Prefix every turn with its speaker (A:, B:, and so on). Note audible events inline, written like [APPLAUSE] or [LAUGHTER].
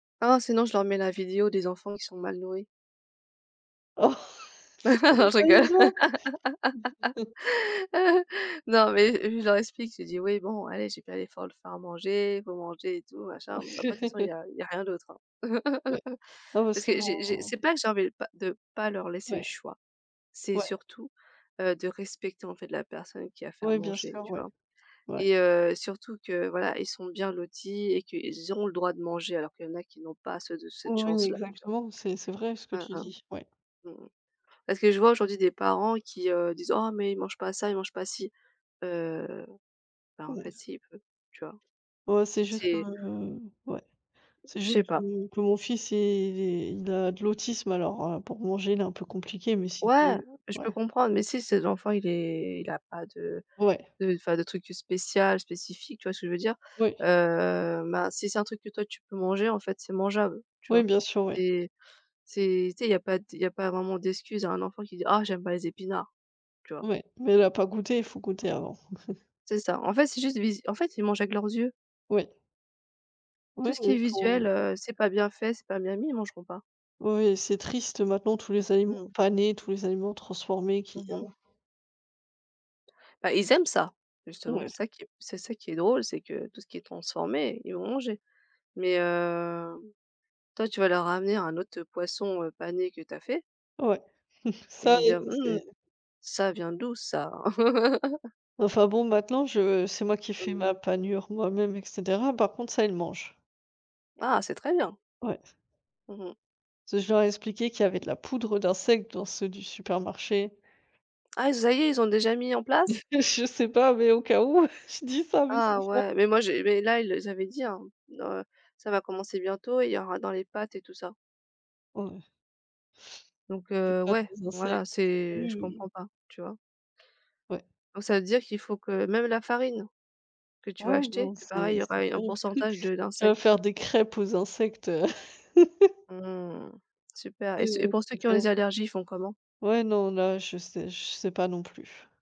A: Oh, sinon je leur mets la vidéo des enfants qui sont mal nourris. Non, je rigole.
B: [UNINTELLIGIBLE]
A: Non, mais je leur explique, je dis: «Oui, bon, allez j'ai fait l'effort de faire à manger, il faut manger et tout machin. Bon après de toute façon il y
B: [CHUCKLES]
A: a il y a rien d'autre, hein!»
B: Ouais.
A: [CHUCKLES]
B: Non, parce
A: parce
B: que
A: que j'ai j'ai
B: mon
A: c'est pas que j'avais pas de pas leur laisser le
B: Ouais,
A: choix, c'est
B: ouais.
A: surtout, heu, de respecter, en fait, la personne qui a fait à
B: Ouais, bien
A: manger,
B: sûr,
A: tu
B: ouais.
A: vois
B: Ouais.
A: et heu, surtout que, voilà, ils sont bien lotis et qu'ils auront le droit de manger alors qu'il y en a qui n'ont pas ce cette
B: Ouais,
A: chance-là, tu vois?
B: exactement, c'est c'est vrai ce que
A: Hein,
B: tu
A: hein.
B: dis, ouais.
A: Mmh mh. Parce que je vois aujourd'hui des parents qui, heu, disent: «Oh, mais ils mangent pas ça, ils mangent pas ci.» heu, bah en
B: Ouais.
A: fait, si il peut, tu vois.
B: Oh, c'est juste que
A: C'est
B: ouais. C'est
A: Je
B: juste
A: sais pas.
B: que que mon fils il est il a de l'autisme alors heu, pour manger il est un peu compliqué mais
A: Ouais,
B: sinon
A: je
B: ouais.
A: peux comprendre, mais si ses enfant il est il a pas de
B: Ouais.
A: de enfin, de trucs, heu, spécial, spécifique, tu vois ce que je veux dire,
B: Ouais.
A: heu, ben, si c'est un truc que toi tu peux manger, en fait, c'est mangeable, tu
B: Ouais,
A: vois
B: bien sûr, ouais.
A: et, c'est tu sais il y a pas de il y a pas vraiment d'excuse à un enfant qui dit: «Ah, j'aime pas les épinards.», tu vois?
B: Ouais, mais il a pas goûté, il faut goûter avant. [CHUCKLES]
A: C'est ça, en fait, c'est juste, vis en fait, ils mangent avec leurs yeux.
B: Oui.
A: Tout
B: Ouais,
A: ce qui
B: ouais,
A: est
B: pour
A: visuel, heu, c'est pas bien fait, c'est pas bien mis, ils mangeront pas.
B: Ouais, c'est triste maintenant tous les
A: Mmh
B: aliments
A: mh.
B: panés, tous les aliments transformés qui
A: Mmh
B: heu
A: mh. Bah, ils aiment ça, justement.
B: Ouais.
A: C'est ça qui c'est ça qui est drôle, c'est que tout ce qui est transformé, ils vont manger mais heu, toi, tu vas leur ramener un autre, heu, poisson, heu, pané que tu as fait
B: Ouais, [CHUCKLES]
A: ils
B: ça,
A: vont te
B: il
A: dire:
B: le
A: «Hum,
B: sait
A: ça vient d'où ça?» [LAUGHS]
B: Enfin, bon, maintenant je c'est moi qui
A: Mmh
B: fais
A: mh.
B: ma panure moi-même et cetera, par contre, ça il le mange.
A: Ah, c'est très bien!
B: Ouais.
A: Mmh mh.
B: Parce que je leur ai expliqué qu'il y avait de la poudre d'insectes dans ceux du supermarché.
A: Ah, ça y est, ils ont déjà mis en place?
B: Je sais pas, mais au cas où, je dis ça à mes
A: Ah,
B: enfants.
A: ouais, mais moi j'ai mais là ils, heu, s avaient dit, hein, heu, ça va commencer bientôt, il y aura dans les pâtes et tout ça
B: Ouais.
A: donc
B: Des
A: heu,
B: pâtes
A: ouais,
B: aux insectes.
A: voilà, c'est je
B: Hum!
A: comprends pas, tu vois.
B: Ouais.
A: Donc ça veut dire qu'il faut que même la farine, que tu vas
B: Ouais,
A: acheter,
B: non,
A: c'est pareil, il
B: c'est
A: y aura
B: c'est
A: un
B: terrible.
A: pourcentage de
B: [CHUCKLES] Tu vas
A: d'insectes?
B: faire des crêpes aux insectes, heu [CHUCKLES]
A: Mmh. Super et
B: Ouais,
A: c et
B: ouais,
A: pour ceux qui ont des
B: exactement.
A: allergies, ils font comment?
B: Ouais, non, là, je sais je sais pas non plus.